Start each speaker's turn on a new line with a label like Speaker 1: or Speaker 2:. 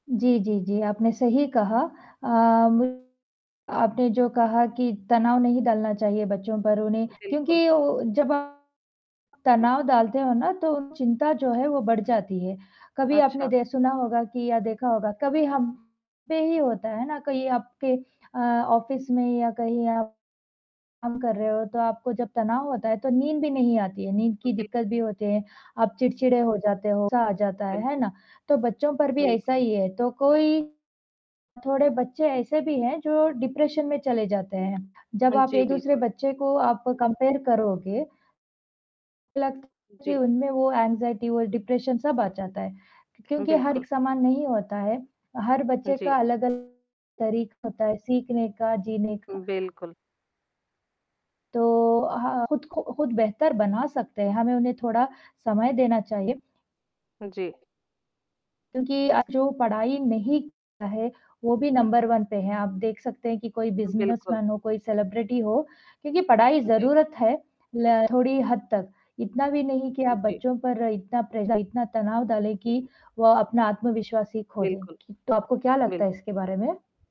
Speaker 1: जी, जी, जी आपने सही कहा। अ, म आपने जो कहा कि तनाव नहीं डलना चाहिए बच्चों पर उन्हें
Speaker 2: बिल्कुल।
Speaker 1: क्योंकि उ जब आप तनाव डालते हो ना तो चिंता जो है वो बढ़ जाती है। कभी आपने
Speaker 2: अच्छा।
Speaker 1: दे सुना होगा कि या देखा होगा, कभी हम पे ही होता है ना, कहीं आपके अ, ऑफ़िस में या कहीं आप काम कर रहे हो, तो आपको जब तनाव होता है तो नींद भी नहीं आती है, नींद
Speaker 2: उ,
Speaker 1: की
Speaker 2: बिल
Speaker 1: दिक्कत भी होती है, आप चिड़चिड़े हो जाते हो, गुस्सा आ जाता है,
Speaker 2: बिल
Speaker 1: है ना? तो बच्चों पर भी ऐसा
Speaker 2: बिल्कु
Speaker 1: ही है, तो कोई थोड़े बच्चे ऐसे भी हैं जो डिप्रेशन में चले जाते हैं, जब
Speaker 2: हाँ
Speaker 1: आप
Speaker 2: जी।
Speaker 1: एक-दूसरे
Speaker 2: बिल्कुल।
Speaker 1: बच्चे को आप कम्पेयर करोगे बालक के
Speaker 2: जी।
Speaker 1: मन में वो एंग्ज़ायटी और डिप्रेशन सब आ जाता है
Speaker 2: उ,
Speaker 1: क्योंकि हर
Speaker 2: बिल्कुल।
Speaker 1: एक समान नहीं होता है, हर
Speaker 2: उ,
Speaker 1: बच्चे का
Speaker 2: जी।
Speaker 1: अलग अलग तरीका होता है सीखने का, जीने का।
Speaker 2: हुँ बिल्कुल।
Speaker 1: तो हाँ, खुद को खुद बेहतर बना सकते हैं, हमें उन्हें थोड़ा समय देना चाहिए।
Speaker 2: जी।
Speaker 1: क्योंकि आज जो पढ़ाई नहीं करता है वो भी नंबर 1 पे है, आप देख सकते हैं कि कोई
Speaker 2: उ,
Speaker 1: बिज़नेस
Speaker 2: बिल्कुल।
Speaker 1: मैन हो, कोई सेलिब्रिटी हो क्योंकि पढ़ाई
Speaker 2: जी।
Speaker 1: ज़रूरत है ल थोड़ी हद तक, इतना भी नहीं कि आप
Speaker 2: हुँ जी।
Speaker 1: बच्चों पर इतना प्रेश इतना तनाव डालें कि वो अपना आत्मविश्वास ही खो दें,
Speaker 2: बिल्कुल।
Speaker 1: तो आपको क्या
Speaker 2: बिल्कु
Speaker 1: लगता है इसके बारे में?